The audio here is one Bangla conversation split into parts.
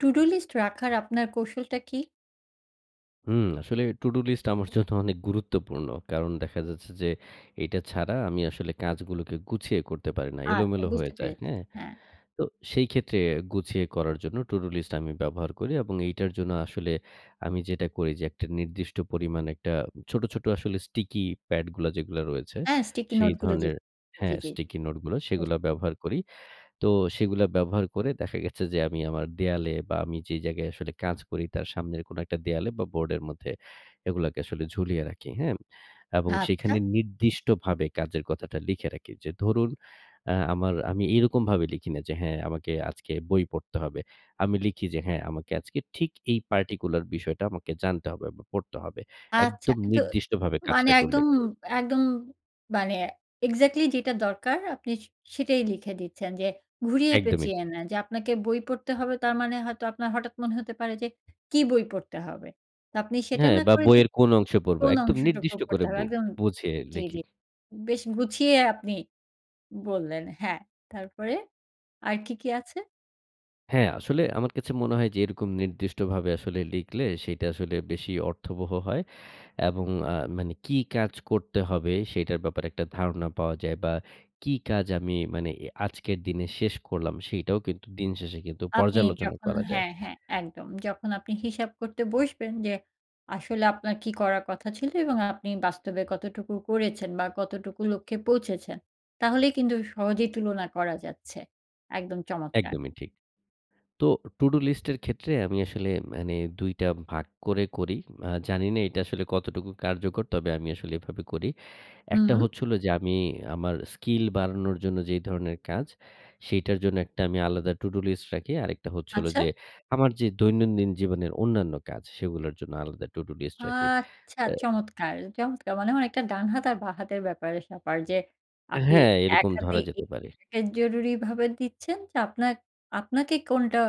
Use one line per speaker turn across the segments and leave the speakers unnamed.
টু-ডু লিস্ট রাখার আপনার কৌশলটা কি?
হুম, আসলে টু-ডু লিস্ট আমার জন্য অনেক গুরুত্বপূর্ণ। কারণ দেখা যাচ্ছে যে, এটা ছাড়া আমি আসলে কাজগুলোকে গুছিয়ে করতে পারি না,
আচ্ছা
এলোমেলো হয়ে
বুঝতে
যায়।
পেরেছি।
হ্যাঁ?
হ্যাঁ।
তো সেই ক্ষেত্রে গুছিয়ে করার জন্য টু-ডু লিস্ট আমি ব্যবহার করি এবং এইটার জন্য আসলে আমি যেটা করি যে, একটা নির্দিষ্ট পরিমাণ একটা ছোট, ছোট আসলে স্টিকি প্যাডগুলা যেগুলো রয়েছে
হ্যাঁ, স্টিকি
সেই
নোটগুলো। জী,
ধরনের
জী, জী,
হ্যাঁ,
জী।
স্টিকি নোট গুলো
বুঝ
সেগুলো ব্যবহার করি। তো সেগুলো ব্যবহার করে দেখা গেছে যে, আমি আমার দেয়ালে বা আমি যে জায়গায় আসলে কাজ করি তার সামনের কোনো একটা দেয়ালে বা বোর্ডের মধ্যে এগুলাকে আসলে ঝুলিয়ে রাখি। হ্যাঁ? এবং
আচ্ছা।
সেখানে নির্দিষ্টভাবে কাজের কথাটা লিখে রাখি। যে ধরুন আ আমার আমি এরকমভাবে লিখি না যে, হ্যাঁ? আমাকে আজকে বই পড়তে হবে। আমি লিখি যে, হ্যাঁ। আমাকে আজকে ঠিক এই particular বিষয়টা আমাকে জানতে হবে এবং পড়তে হবে।
আচ্ছা।
একদম
তো
নির্দিষ্টভাবে
মানে
কাজটাকে
একদম
উল্লেখ করি।
একদম মানে এক্সাক্টলি যেটা দরকার আপনি সে সেটাই লিখে দিচ্ছেন যে ঘুরিয়ে
একদমই,
পেঁচিয়ে
জি।
না। যে আপনাকে বই পড়তে হবে তার মানে হয়তো আপনার হঠাৎ মনে হতে পারে যে, কী বই পড়তে হবে? তো আপনি সেটা
হ্যাঁ
না
বা
করে যে
বইয়ের কোন অংশে পড়ব?
কোন
একদম
অংশটুকু
নির্দিষ্ট
পড়তে
করে
হবে?
বু
একদম
বুঝে
জী, জী।
লিখি।
বেশ গুছিয়ে আপনি বললেন, হ্যাঁ। তারপরে আর কি, কি আছে?
হ্যাঁ, আসলে আমার কাছে মনে হয় যে, এরকম নির্দিষ্টভাবে আসলে লিখলে, সেইটা আসলে বেশি অর্থবহ হয়। এবং আ মানে কি কাজ করতে হবে, সেইটার ব্যাপারে একটা ধারণা পাওয়া যায় বা কি কাজ আমি মানে এ আজকের দিনে শেষ করলাম, সেইটাও কিন্তু দিনশেষে কিন্তু
আপনি
পর্যালোচনা
যখন
করা যায়।
হ্যাঁ, হ্যাঁ একদম। যখন আপনি হিসাব করতে বসবেন যে, আসলে আপনার কি করার কথা ছিল এবং আপনি বাস্তবে কতটুকু করেছেন বা কতটুকু লক্ষ্যে পৌঁছেছেন, তাহলেই কিন্তু সহজেই তুলনা করা যাচ্ছে। একদম চমৎকার।
একদমই ঠিক। তো, টু-ডু লিস্ট এর ক্ষেত্রে আমি আসলে মানে ২ টা ভাগ করে করি। আ জানিনা এইটা আসলে কতটুকু কার্যকর, তবে আমি আসলে এভাবে করি। ১ টা
হুম।
হচ্ছে হলো যে, আমি আমার স্কিল বাড়ানোর জন্য যেই ধরনের কাজ, সেইটার জন্য একটা আমি আলাদা টু-ডু লিস্ট রাখি। আরেকটা হচ্ছে হলো
আচ্ছা।
যে, আমার যে দৈনন্দিন জীবনের অন্যান্য কাজ, সেগুলার জন্য আলাদা টু-ডু লিস্ট রাখি।
আচ্ছা,
অ্যা
চমৎকার, চমৎকার। মানে অনেকটা ডান হাত আর বাঁ হাতের ব্যাপারে-স্যাপার যে, আপনি
হ্যাঁ,
এক
এরকম
হাতে
ধরা যেতে পারে।
[unintelligible] জরুরিভাবে দিচ্ছেন যে আপনার আপনাকে কোনটা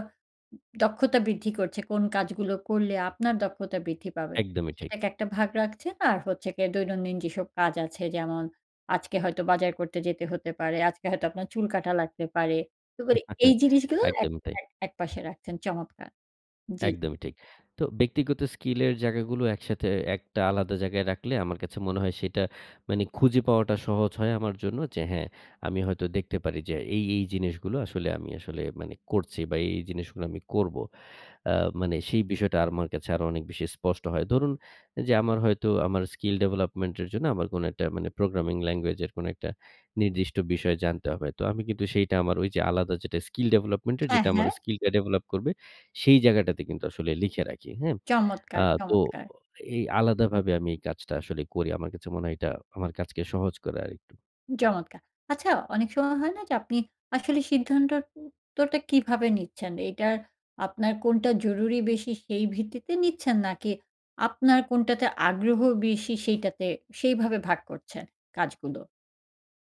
দক্ষতা বৃদ্ধি করছে, কোন কাজগুলো করলে আপনার দক্ষতা বৃদ্ধি পাবে।
একদমই ঠিক।
সেটাকে একটা ভাগ রাখছেন। আর হচ্ছে গিয়ে দৈনন্দিন যেসব কাজ আছে যেমন, আজকে হয়তো বাজার করতে যেতে হতে পারে, আজকে হয়তো আপনার চুল কাটা লাগতে পারে। তো মানে এই জিনিসগুলো এক
একদমই তাই।
এক একপাশে রাখছেন। চমৎকার। জি।
একদমই ঠিক। তো, ব্যক্তিগত স্কিল এর জায়গাগুলো একসাথে একটা আলাদা জায়গায় রাখলে, আমার কাছে মনে হয় সেটা মানে খুঁজে পাওয়াটা সহজ হয় আমার জন্য। যে, হ্যাঁ, আমি হয়তো দেখতে পারি যে, এই, এই জিনিসগুলো আসলে আমি আসলে মানে করছি বা এই, এই জিনিসগুলো আমি করব। অ্যা মানে সেই বিষয়টা আমার কাছে আরো অনেক বেশি স্পষ্ট হয়। ধরুন, যে আমার হয়তো আমার স্কিল ডেভেলপমেন্ট এর জন্য আমার কোনো একটা মানে প্রোগ্রামিং ল্যাঙ্গুয়েজ এর কোনো একটা নির্দিষ্ট বিষয় জানতে হবে। তো আমি কিন্তু সেইটা আমার ওই যে আলাদা যেটা স্কিল ডেভেলপমেন্ট এর
হ্যাঁ,
যেটা আমার
হ্যাঁ।
স্কিলটা ডেভেলপ করবে, সেই জায়গাটাতে কিন্তু আসলে লিখে রাখি, হ্যাঁ?
চমৎকার,
আ তো
চমৎকার।
এই আলাদাভাবে আমি এই কাজটা আসলে করি। আমার কাছে মনে হয়, এইটা আমার কাজকে সহজ করে আরেকটু।
চমৎকার। আচ্ছা, অনেক সময় হয় না যে, আপনি আসলে সিদ্ধান্তর উত্তরটা কিভাবে নিচ্ছেন? এটার আপনার কোনটা জরুরি বেশি, সেই ভিত্তিতে নিচ্ছেন? নাকি আপনার কোনটাতে আগ্রহ বেশি, সেইটাতে সেইভাবে ভাগ করছেন কাজগুলো?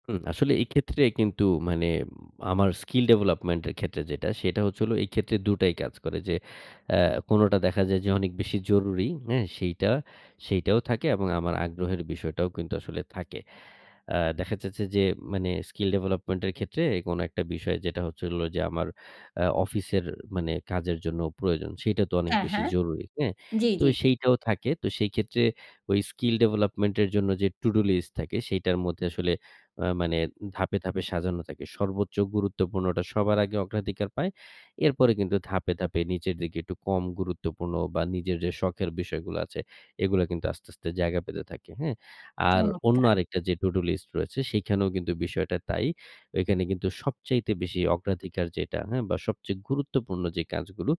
হুম, আসলে এই ক্ষেত্রে কিন্তু মানে, আমার স্কিল ডেভেলপমেন্টের ক্ষেত্রে যেটা, সেটা হচ্ছে হল এই ক্ষেত্রে দুটাই কাজ করে, যে আ কোনটা দেখা যায় যে, অনেক বেশি জরুরি, হ্যাঁ? সেইটা সেইটাও থাকে, এবং আমার আগ্রহের বিষয়টাও কিন্তু আসলে থাকে। আ দেখা যাচ্ছে যে, মানে, স্কিল ডেভেলপমেন্টের ক্ষেত্রে কোন একটা বিষয়, যেটা হচ্ছে হলো যে, আমার আ অফিসের মানে কাজের জন্য প্রয়োজন, সেটা তো অনেক
হ্যাঁ,
বেশি
হ্যাঁ।
জরুরি, হ্যাঁ?
জি,
তো
জি, জি।
সেইটাও থাকে। তো সেই ক্ষেত্রে, ওই স্কিল ডেভেলপমেন্টের জন্য যে টু-ডু লিস্ট থাকে, সেটার মধ্যে আসলে, আ মানে ধাপে, ধাপে সাজানো থাকে। সর্বোচ্চ গুরুত্বপূর্ণটা সবার আগে অগ্রাধিকার পায়। এরপরে কিন্তু ধাপে, ধাপে নিচের দিকে, একটু কম গুরুত্বপূর্ণ বা নিজের যে শখের বিষয়গুলো আছে, এগুলো কিন্তু আস্তে, আস্তে জায়গা পেতে থাকে, হ্যাঁ? আর অন্য
চমৎকার।
আরেকটা যে টু-ডু লিস্ট রয়েছে, সেখানেও কিন্তু বিষয়টা তাই। ঐখানে কিন্তু সবচাইতে বেশি অগ্রাধিকার যেটা, হ্যাঁ? বা সবচেয়ে গুরুত্বপূর্ণ যে কাজগুলো,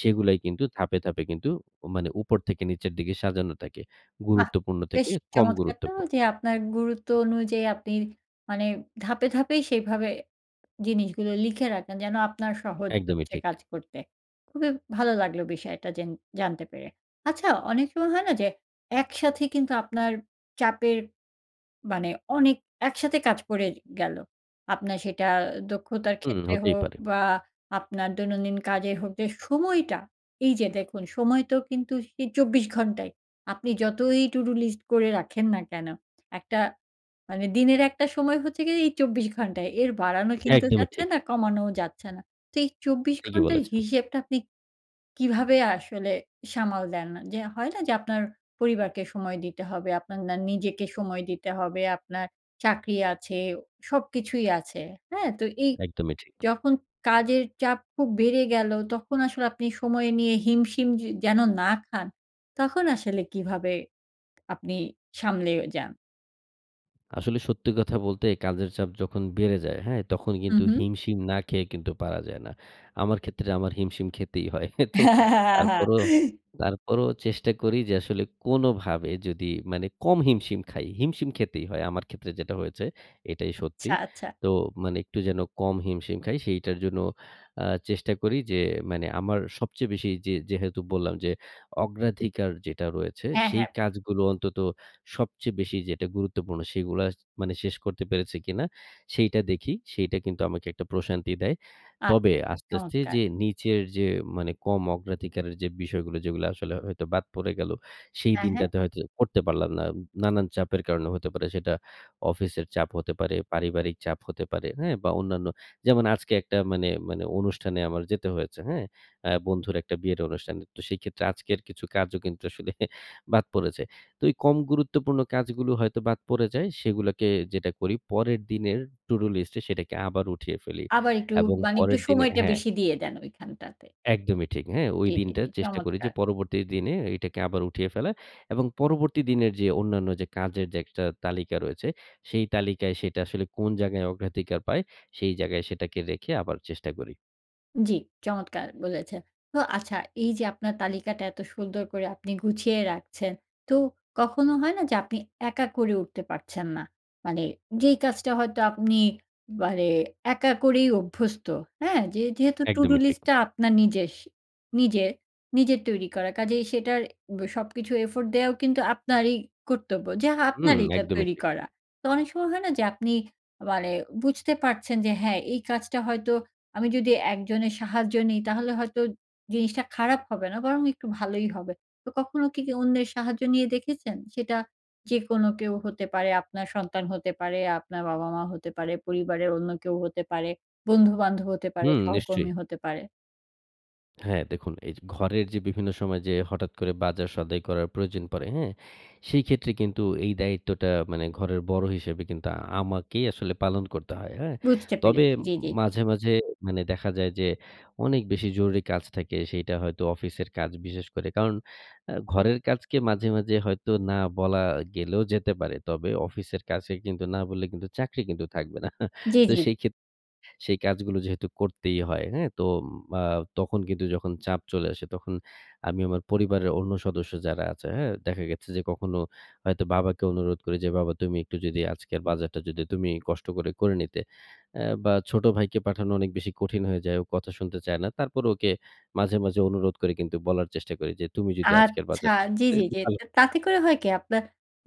সেইগুলাই কিন্তু ধাপে, ধাপে কিন্তু মানে, উপর থেকে নিচের দিকে সাজানো থাকে।
বাহ!
গুরুত্বপূর্ণ
বেশ
থেকে কম
চমৎকার তো
গুরুত্বপূর্ণ।
যে, আপনার গুরুত্ব অনুযায়ী, আপনি মানে ধাপে, ধাপেই, সেইভাবে জিনিসগুলো লিখে রাখেন, যেন আপনার সহজ
একদমই
হচ্ছে
ঠিক।
কাজ করতে। খুবই ভালো লাগলো বিষয়টা যেন জানতে পেরে। আচ্ছা, অনেক সময় হয় না যে একসাথে, কিন্তু আপনার চাপের মানে, অনেক একসাথে কাজ করে গেলো, আপনার সেটা দক্ষতার
হুম,
ক্ষেত্রে
হতেই
হোক
পারে।
বা আপনার দৈনন্দিন কাজের হোক, যে সময়টা, এই যে দেখুন, সময় তো কিন্তু সেই ২৪ ঘন্টাই। আপনি যতই টু-ডু লিস্ট করে রাখেন না কেন, একটা মানে দিনের একটা সময় হচ্ছে গিয়ে, এই ২৪ ঘন্টা, এর বাড়ানো কিন্তু
একদমই
যাচ্ছে
ঠিক।
না, কমানোও যাচ্ছে না। তো এই ২৪
ঠিকই
ঘন্টার
বলেছেন।
হিসেবটা, আপনি কীভাবে আসলে সামাল দেন? যে হয় না যে, আপনার পরিবারকে সময় দিতে হবে, আপনার না নিজেকে সময় দিতে হবে, আপনার চাকরি আছে, সবকিছুই আছে। হ্যাঁ, তো এই
একদমই ঠিক।
যখন কাজের চাপ খুব বেড়ে গেলো, তখন আসলে আপনি সময় নিয়ে হিমশিম যে যেন না খান, তখন আসলে কীভাবে আপনি সামলেও যান?
আসলে সত্যি কথা বলতে কাজের চাপ যখন বেড়ে যায়, হ্যাঁ? তখন
হুম,
কিন্তু
হুম।
হিমশিম না খেয়ে কিন্তু পারা যায় না। আমার ক্ষেত্রে আমার হিমশিম খেতেই হয়। তো তারপরও তারপরও চেষ্টা করি যে, আসলে কোনোভাবে যদি মানে কম হিমশিম খাই। হিমশিম খেতেই হয়। আমার ক্ষেত্রে যেটা হয়েছে এটাই সত্যি।
আচ্ছা, আচ্ছা।
তো মানে একটু যেন কম হিমশিম খাই, সেইটার জন্য আ চেষ্টা করি যে মানে, আমার সবচেয়ে বেশি যে যেহেতু বললাম যে, অগ্রাধিকার যেটা রয়েছে,
হ্যাঁ,
সেই
হ্যাঁ।
কাজগুলো অন্তত সবচেয়ে বেশি যেটা গুরুত্বপূর্ণ সেগুলা মানে শেষ করতে পেরেছে কিনা? সেইটা দেখি। সেইটা কিন্তু আমাকে একটা প্রশান্তি দেয়।
আচ্ছা,
তবে, আস্তে, আস্তে
চমৎকার।
যে নিচের যে মানে কম অগ্রাধিকারের যে বিষয়গুলো, যেগুলা আসলে হয়তো বাদ পড়ে গেল, সেই
হ্যাঁ, হ্যাঁ।
দিনটাতে হয়তো করতে পারলাম না, নানান চাপের কারণে, হতে পারে সেটা অফিসের চাপ, হতে পারে পারিবারিক চাপ, হতে পারে হ্যাঁ? বা অন্যান্য। যেমন আজকে একটা মানে, মানে অনুষ্ঠানে আমার যেতে হয়েছে, হ্যাঁ? অ্যা বন্ধুর একটা বিয়ের অনুষ্ঠানে। তো সেইক্ষেত্রে আজকের কিছু কাজও কিন্তু আসলে বাদ পড়েছে। তো এই কম গুরুত্বপূর্ণ কাজগুলো হয়তো বাদ পড়ে যায়, সেগুলাকে যেটা করি, পরের দিনের টু-ডু লিস্টে সেটাকে আবার উঠিয়ে ফেলি
আবার একটু
এবং
মানে একটু
পরের দিনে
সময়টা
হ্যাঁ।
বেশি দিয়ে দেন ঐখানটাতে।
একদমই ঠিক। হ্যাঁ, ওই
জ্বি, জ্বি,
দিনটা
জ্বি।
চেষ্টা করি যে,
চমৎকার।
পরবর্তী দিনে এটাকে আবার উঠিয়ে ফেলা এবং পরবর্তী দিনের যে অন্যান্য যে কাজের যে একটা তালিকা রয়েছে, সেই তালিকায় সেটা আসলে কোন জায়গায় অগ্রাধিকার পায়, সেই জায়গায় সেটাকে রেখে আবার চেষ্টা করি।
জ্বি। চমৎকার বলেছে। তো আচ্ছা, এই যে আপনার তালিকাটা এত সুন্দর করে আপনি গুছিয়ে রাখছেন, তো কখনো হয় না যে, আপনি একা করে উঠতে পারছেন না? মানে, যেই কাজটা হয়তো আপনি, মানে একা করেই অভ্যস্ত, হ্যাঁ? যে যেহেতু টুডু
একদমই ঠিক।
লিস্টটা আপনার নিজেস নিজের নিজের তৈরি করা, কাজেই সেইটার ব সবকিছু effort দেওয়াও কিন্তু আপনারই কর্তব্য, যা
হুম,
আপনারইতো
একদমই
তৈরি
ঠিক।
করা। তো অনেক সময় হয় না যে, আপনি মানে বুঝতে পারছেন যে, "হ্যাঁ, এই কাজটা হয়তো আমি যদি একজনের সাহায্য নিই, তাহলে হয়তো জিনিসটা খারাপ হবে না বরং একটু ভালোই হবে।" তো কখনো কি কেউ অন্যের সাহায্য নিয়ে দেখেছেন? সেটা যেকোনো কেউ হতে পারে, আপনার সন্তান হতে পারে, আপনার বাবা-মা হতে পারে, পরিবারের অন্য কেউ হতে পারে, বন্ধু-বান্ধব হতে পারে,
হুম, নিশ্চয়ই।
সহকর্মী হতে পারে?
হ্যাঁ, দেখুন, এই যে ঘরের যে বিভিন্ন সময় যে হঠাৎ করে বাজার-সদাই করার প্রয়োজন পড়ে, হ্যাঁ? সেইক্ষেত্রে কিন্তু এই দায়িত্বটা মানে ঘরের বড় হিসেবে কিন্তু আমাকেই আসলে পালন করতে হয়, হ্যাঁ?
বুঝতে
তবে,
পেরেছি,
ম
জ্বি, জ্বি, জ্বি।
মাঝে, মাঝে মানে দেখা যায় যে, অনেক বেশি জরুরি কাজ থাকে, সেইটা হয়তো অফিসের কাজ, বিশেষ করে কারণ, অ্যা ঘরের কাজকে মাঝে, মাঝে হয়তো না বলা গেলেও যেতে পারে, তবে অফিসের কাছে কিন্তু না বললে কিন্তু চাকরি কিন্তু থাকবে না।
জ্বি,
তো
জ্বি।
সেইক্ষেত সেই কাজগুলো যেহেতু করতেই হয়, হ্যাঁ? তো আ তখন কিন্তু যখন চাপ চলে আসে, তখন আমি আমার পরিবারের অন্য সদস্য যারা আছে, হ্যাঁ? দেখা গেছে যে, কখনো হয়তো বাবাকে অনুরোধ করি যে, "বাবা তুমি একটু যদি আজকের বাজারটা যদি তুমিই কষ্ট করে করে নিতে" অ্যা বা ছোট ভাইকে পাঠানো অনেক বেশি কঠিন হয়ে যায়, ও কথা শুনতে চায় না। তারপর ওকে মাঝে, মাঝে অনুরোধ করে কিন্তু বলার চেষ্টা করি যে, "তুমি যদি আজকের
আচ্ছা,
বাজার"...
জ্বি, জ্বি,
[unintelligible]
জ্বি
ভালো
তে
হতে
তাতে
পারে।
করে হয় কি, আপনার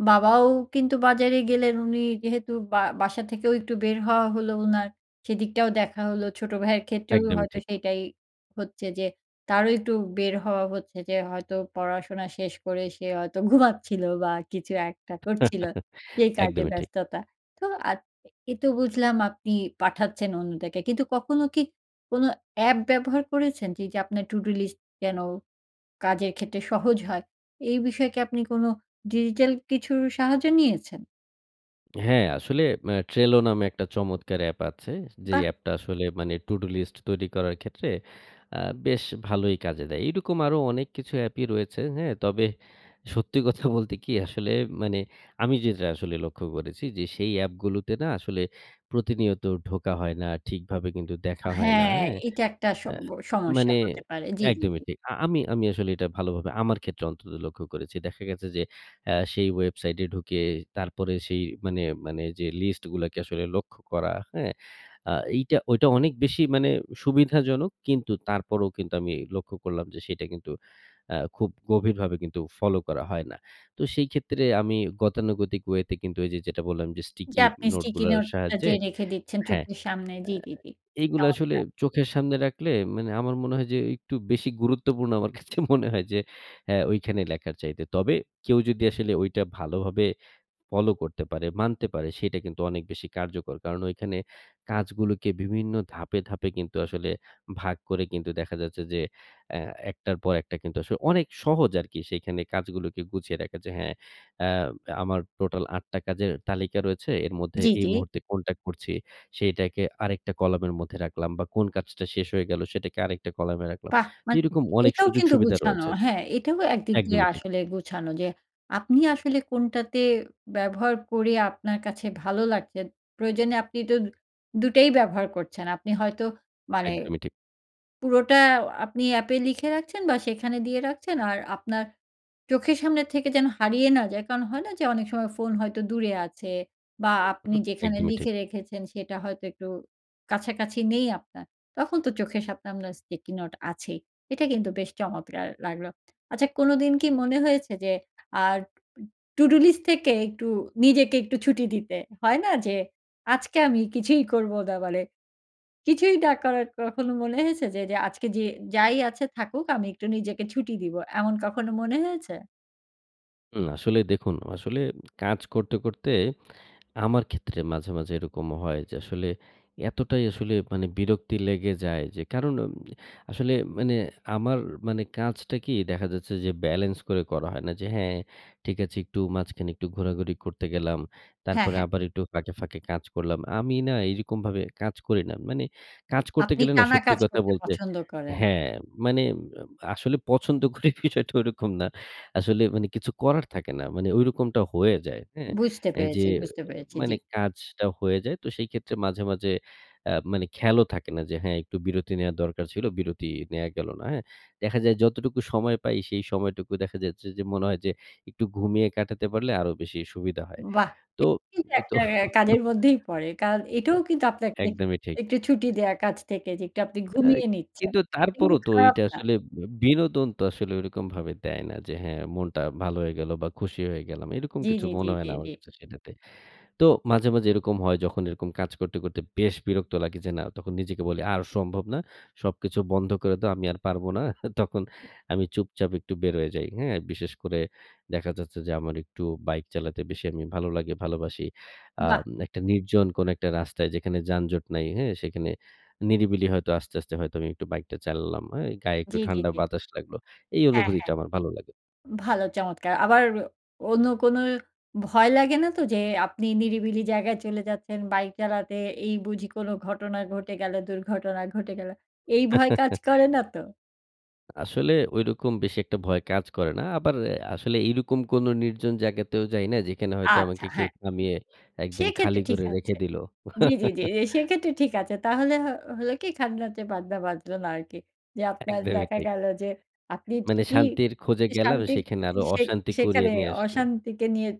বাবাও কিন্তু বাজারে গেলেন। উনি যেহেতু বা বাসা থেকেও একটু বের হওয়া হলো ওনার, সেদিকটাও দেখা হল। ছোট ভাইয়ের ক্ষেত্রেও
একদমই
হয়তো
ঠিক।
সেটাই হচ্ছে যে, তারও একটু বের হওয়া হচ্ছে যে, হয়তো পড়াশোনা শেষ করে সে হয়তো ঘুমাচ্ছিল বা কিছু একটা করছিল, সেই কাজের
একদমই ঠিক।
ব্যস্ততা। তো [unintelligible] এ তো বুঝলাম আপনি পাঠাচ্ছেন অন্যদেরকে। কিন্তু কখনো কি কোনো অ্যাপ ব্যবহার করেছেন যে, যে আপনার টুডু লিস্ট যেন, কাজের ক্ষেত্রে সহজ হয়? এই বিষয়ে কি আপনি কোনো ডিজিটাল কিছুর সাহায্য নিয়েছেন?
হ্যাঁ, আসলে আ ট্রেলো নামে একটা চমৎকার অ্যাপ আছে। যে
বাহ!
অ্যাপটা আসলে মানে টুডু লিস্ট তৈরি করার ক্ষেত্রে আ বেশ ভালোই কাজে দেয়। এরকম আরো অনেক কিছু অ্যাপই রয়েছে। হ্যাঁ, তবে সত্যি কথা বলতে কি আসলে মানে আমি যেটা আসলে লক্ষ্য করেছি। যে সেই অ্যাপগুলোতে না আসলে প্রতিনিয়ত ঢোকা হয় না, ঠিকভাবে কিন্তু দেখা হয় না
হ্যাঁ
হ্যাঁ।
এটা একটা
আ
সব্য সমস্যা
মানে
হতে পারে। জি, জি, জি।
একদমই ঠিক। আ আমি, আমি, আসলে এটা ভালোভাবে আমার ক্ষেত্রে অন্তত লক্ষ্য করেছি। দেখা গেছে যে আ সেই ওয়েবসাইটে ঢুকে তারপরে সেই মানে, মানে, যে লিস্টগুলাকে আসলে লক্ষ্য করা, হ্যাঁ? আ এইটা, ঐটা অনেক বেশি মানে সুবিধাজনক। কিন্তু তারপরেও কিন্তু আমি লক্ষ্য করলাম যে সেটা কিন্তু আ খুব গভীরভাবে কিন্তু ফলো করা হয় না। তো সেই ক্ষেত্রে আমি গতানুগতিক ওয়ে তে কিন্তু এই যে যেটা বললাম যে
যা
স্টিকি
আপনি স্টিকি
নোটগুলোর
নোট টা যে
সাহায্যে
রেখে দিচ্ছেন
হ্যাঁ। এ্যা
চোখের সামনে জি, জি, জি।
এইগুলো আসলে
চমৎকার।
চোখের সামনে রাখলে মানে আমার মনে হয় যে একটু বেশি গুরুত্বপূর্ণ আমার কাছে মনে হয় যে অ্যা ওইখানে লেখার চাইতে। তবে কেউ যদি আসলে ওইটা ভালোভাবে ফলো করতে পারে, মানতে পারে সেটা কিন্তু অনেক বেশি কার্যকর। কারণ ওইখানে কাজগুলোকে বিভিন্ন ধাপে, ধাপে, কিন্তু আসলে ভাগ করে। কিন্তু দেখা যাচ্ছে যে অ্যা একটার পর একটা কিন্তু আস অনেক সহজ আর কি সেখানে কাজগুলোকে গুছিয়ে রাখা। যে হ্যাঁ। অ্যা আমার টোটাল ৮ টা কাজের তালিকা রয়েছে। এর মধ্যে
জি,
এই
জি।
মুহূর্তে কোনটা করছি, সেইটাকে আরেকটা কলামের মধ্যে রাখলাম বা কোন কাজটা শেষ হয়ে গেল সেটাকে আরেকটা কলামে রাখলাম।
বাহ!
তো
মা
এইরকম অনেক
এটাও
সুযোগ
কিন্তু
সুবিধা
গোছানো।
রয়েছে।
হ্যাঁ, এটাও একদিক দিয়ে
একদমই ঠিক।
আসলে গুছানো। যে আপনি আসলে কোনটাতে ব্যবহার করে আপনার কাছে ভালো লাগছে। প্রয়োজনে আপনি তো দুটোই ব্যবহার করছেন। আপনি হয়তো মানে
একদমই ঠিক।
পুরোটা আপনি অ্যাপে লিখে রাখছেন বা সেখানে দিয়ে রাখছেন আর আপনার চোখের সামনে থেকে যেন হারিয়ে না যায়। কারণ হয় না যে অনেক সময় ফোন হয়তো দূরে আছে বা আপনি
হুম,
যেখানে
একদমই ঠিক।
লিখে রেখেছেন সেটা হয়তো একটু কাছাকাছি নেই আপনার। তখন তো চোখের সামনে আপনার স্টিকি নোট আছেই। এটা কিন্তু বেশ চমৎকার লাগলো। আচ্ছা, কোনোদিন কি মনে হয়েছে যে আড টুডু লিস্ট থেকে একটু নিজেকে একটু ছুটি দিতে? হয় না যে আজকে আমি কিছুই করবো না বলে কিছুই না করার কখনো মনে হয়েছে যে, যে, আজকে যে যাই আছে থাকুক আমি একটু নিজেকে ছুটি দিব। এমন কখনো মনে হয়েছে?
উম আসলে দেখুন। আসলে কাজ করতে, করতে, আমার ক্ষেত্রে মাঝে, মাঝে এরকম হয় যে, আসলে এতটাই আসলে মানে বিরক্তি লেগে যায় যে, কারণ উম আসলে মানে আমার মানে কাজটা কি দেখা যাচ্ছে যে ব্যালেন্স করে করা হয় না। যে হ্যাঁ, ঠিক আছে একটু মাঝখানে একটু ঘোরাঘুরি করতে গেলাম।
হ্যাঁ,
তারপরে
হ্যাঁ।
আবার একটু ফাঁকে, ফাঁকে কাজ করলাম। আমি না এইরকম ভাবে কাজ করি না। মানে কাজ করতে
আপনি
গেলে না
টানা
সত্যি
কাজ
কথা
করতে
বলতে
পছন্দ করেন?
হ্যাঁ, মানে আম আসলে পছন্দ করি বিষয়টা ওইরকম না। আসলে মানে কিছু করার থাকে না। মানে ঐরকমটা হয়ে যায়। হ্যাঁ,
বুঝতে
অ্যা যে
পেরেছি, বুঝতে
অ্যা
পেরেছি। জি।
মানে কাজটা হয়ে যায়। তো সেই ক্ষেত্রে মাঝে, মাঝে অ্যা মানে খেয়ালও থাকে না যে হ্যাঁ, একটু বিরতি নেওয়ার দরকার ছিল, বিরতি নেওয়া গেল না হ্যাঁ? দেখা যায় যতটুকু সময় পাই সেই সময়টুকু দেখা যাচ্ছে যে, মনে হয় যে একটু ঘুমিয়ে কাটাতে পারলে আরো বেশি সুবিধা হয়।
বাহ্!
তো
এটা কিন্তু
তো
একটা অ্যা কাজের মধ্যেই পড়ে। কারন, এটাও কিন্তু আপনাকে
একদমই ঠিক।
একটু ছুটি দেয়া কাজ থেকে যে একটু আপনি
অ্যাই
ঘুমিয়ে নিচ্ছেন।
কিন্তু
এটা কিন্তু
তারপরও তো
খারাপ
এইটা
না।
আসলে বি বিনোদন তো আসলে ওইরকমভাবে দেয় না। যে হ্যাঁ, মনটা ভালো হয়ে গেল বা খুশি হয়ে গেলাম। এরকম
জি,
কিছু
জি, জি,
মনে হয়
জি,
না
জি।
আমার কাছে সেটাতে। তো মাঝে, মাঝে এরকম হয়, যখন এরকম কাজ করতে, করতে বেশ বিরক্ত লাগে যে না তখন নিজেকে বলি আর সম্ভব না। সবকিছু বন্ধ করে দাও। আমি আর পারব না। তখন আমি চুপচাপ একটু বের হয়ে যাই। হ্যাঁ? বিশেষ করে দেখা যাচ্ছে যে আমার একটু বাইক চালাতে বেশি আমি ভালো লাগে, ভালোবাসি। আম
বাহ!
একটা নির্জন কোন একটা রাস্তায় যেখানে যানজট নাই। হ্যাঁ? সেখানে নিরিবিলি হয়তো আস্তে, আস্তে হয়তো আমি একটু বাইকটা চালালাম। হ্যাঁ? গায়ে একটু
জি, জি,
ঠান্ডা
জি।
বাতাস লাগল। এই
হ্যাঁ,
অনুভূতিটা
হ্যাঁ।
আমার ভালো লাগে।
ভালো চমৎকার! আবার অন্য কোন ভয় লাগে না তো? যে আপনি নিরিবিলি জায়গায় চলে যাচ্ছেন বাইক চালাতে, এই বুঝি কোন ঘটনা ঘটে গেল, দুর্ঘটনা ঘটে গেল, এই ভয় কাজ করে না তো?
আসলে ঐরকম বেশি একটা ভয় কাজ করে না। আবার এ আসলে এইরকম কোন নির্জন জায়গাতেও যাই না যেখানে হয়তো
আচ্ছা
আমাকে কেউ
হ্যাঁ।
থামিয়ে একদম খালি
সেক্ষেত্রে ঠিক
করে রেখে
আছে।
দিল।
জি, জি, জি, জি, সেক্ষেত্রে ঠিক আছে তাহলে হ হলো কি খাজনার চেয়ে বাজনা বাজল না আরকি। যে আপনার
একদমই
দেখা
ঠিক।
গেল যে আপনি
মানে
ঠিকই
শান্তির খোঁজে গেলাম
শান্তির
সেখানে আরো
সে
অশান্তি কুরিয়ে
সেখানে
নিয়ে আসলাম।
অশান্তিকে নিয়ে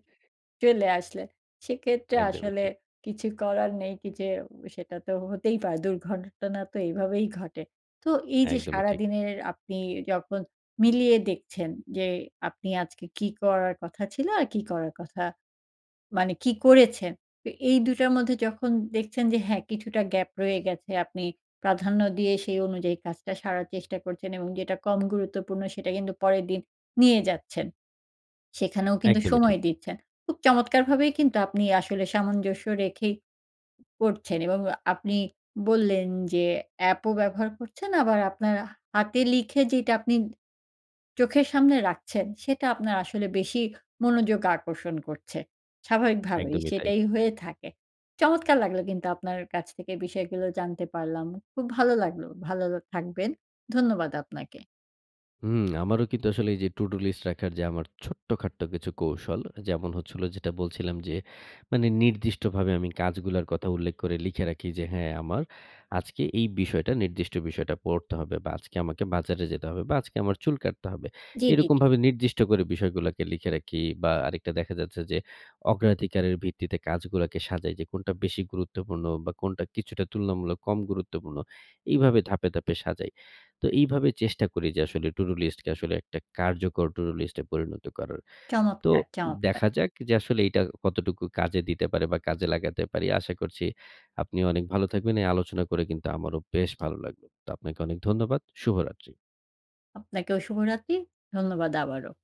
চলে আসলে সেক্ষেত্রে
একদমই
আসলে
ঠিক।
কিছু করার নেই কি যে সেটা তো হতেই পারে। দুর্ঘটনা তো এইভাবেই ঘটে। তো এই যে
একদমই ঠিক।
সারাদিনের আপনি যখন মিলিয়ে দেখছেন যে আপনি আজকে কী করার কথা ছিল আর কি করার কথা মানে কি করেছেন। তো এই দুটার মধ্যে যখন দেখছেন যে হ্যাঁ কিছুটা গ্যাপ রয়ে গেছে। আপনি প্রাধান্য দিয়ে সেই অনুযায়ী কাজটা সারার চেষ্টা করছেন এবং যেটা কম গুরুত্বপূর্ণ সেটা কিন্তু পরের দিন নিয়ে যাচ্ছেন। সেখানেও কিন্তু
একদমই ঠিক
সময় দিচ্ছেন। খুব চমৎকারভাবেই কিন্তু আপনি আসলে সামঞ্জস্য রেখেই করছেন। এবং আপনি বললেন যে এপ ও ব্যবহার করছেন। আবার আপনার হাতে লিখে যেটা আপনি চোখের সামনে রাখছেন সেটা আপনার আসলে বেশি মনোযোগ আকর্ষণ করছে। স্বাভাবিকভাবেই
একদমই তাই।
সেটাই হয়ে থাকে। চমৎকার লাগল কিন্তু আপনার কাছ থেকে বিষয়গুলো জানতে পারলাম। খুব ভালো লাগল। ভালো থাকবেন। ধন্যবাদ আপনাকে।
হুম। আমারও কিন্তু আসলে এই যে টুডু-লিস্ট রাখার যে আমার ছোট্টখাট্ট কিছু কৌশল যেমন হচ্ছিল যেটা বলছিলাম যে মানে নির্দিষ্টভাবে আমি কাজগুলার কথা উল্লেখ করে লিখে রাখি যে, "হ্যাঁ আমার আজকে এই বিষয়টা নির্দিষ্ট বিষয়টা পড়তে হবে বা আজকে আমাকে বাজারে যেতে হবে বা আজকে আমার চুল কাটতে হবে।"
জি, জি, জি।
এরকমভাবে নির্দিষ্ট করে বিষয়গুলাকে লিখে রাখি বা আরেকটা দেখা যাচ্ছে যে অগ্রাধিকারের ভিত্তিতে কাজগুলাকে সাজাই যে কোনটা বেশি গুরুত্বপূর্ণ বা কোনটা কিছুটা তুলনামূলক কম গুরুত্বপূর্ণ এইভাবে ধাপে, ধাপে সাজাই। তো এইভাবে চেষ্টা করি যে আসলে টুডু-লিস্টকে আসলে একটা কার্যকর টুডু-লিস্ট এ পরিণত করার। তো
চমৎকার, চমৎকার।
দেখা যাক যে আসলে এইটা কতটুকু কাজে দিতে পারে বা কাজে লাগাতে পারি। আশা করছি আপনিও অনেক ভালো থাকবেন। এই আলোচনা করে কিন্তু আমারও বেশ ভালো লাগলো। তো আপনাকে অনেক ধন্যবাদ। শুভরাত্রি।
আপনাকেও শুভ রাতি। ধন্যবাদ আবারও।